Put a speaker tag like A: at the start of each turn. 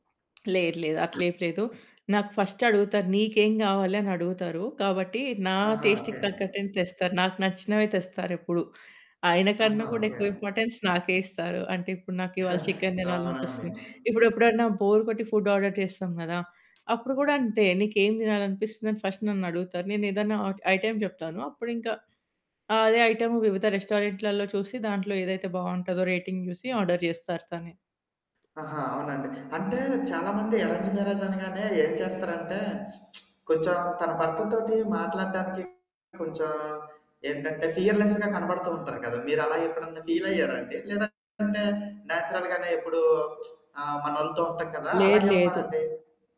A: లేదు లేదు. అట్లేం లేదు. నాకు ఫస్ట్ అడుగుతారు నీకేం గావాలనడుగుతరు. కాబట్టి నా
B: ఆహా! ఓకే.
A: టేస్ట్‌కి తగ్గట్టుగనె తెస్తారు. నాకు నచ్చినవే తెస్తారెప్పుడు. ఆయన
B: ఆహా!
A: కన్నా గూడా
B: ఓకే
A: ఎక్కువ
B: అండి.
A: ఇంపార్టెన్స్ నాకే ఇస్తారు. అంటే ఇప్పుడు నాకివాళ చికెన్
B: అవునండి.
A: తినాలనిపిస్తుంది. ఇప్పుడెప్పుడైనా బోర్ కొట్టి ఫుడ్ ఆర్డర్ చేస్తాం గదా! అప్పుడు గూడా అంతే. నీకేం తినాలనిపిస్తుందని ఫస్ట్ నన్నడుగుతారు. నేనేదన్నా ఐటెమ్ చెప్తాను. అప్పుడు ఇంకా అదే ఐటెమ్ వివిధ రెస్టారెంట్లలో చూసి దాంట్లో ఏదైతే బావుంటదో రేటింగ్ జూసి ఆర్డర్ జేస్తరు తనే.
B: ఆహా! అవునా అండి! అంటే చాలా మంది అరేంజ్డ్ మ్యారేజ్ అనగానే ఏం చేస్తారంటే కొంచెం తన భర్తతోటి మాట్లాడటానికి కొంచెం ఏంటంటే ఫియర్‌‌లెస్‌గా కనపడుతూ ఉంటారు గదా! మీరు అలా ఎప్పుడన్నా ఫీల్ అయ్యారా అండి? లేదంటే నేచురల్‌ గానే ఎప్పుడు ఆహ్, మనోళ్ళతో ఉంటాం కదా!
A: లేదు
B: అలాగే
A: లేదు.
B: ఉన్నారాండి?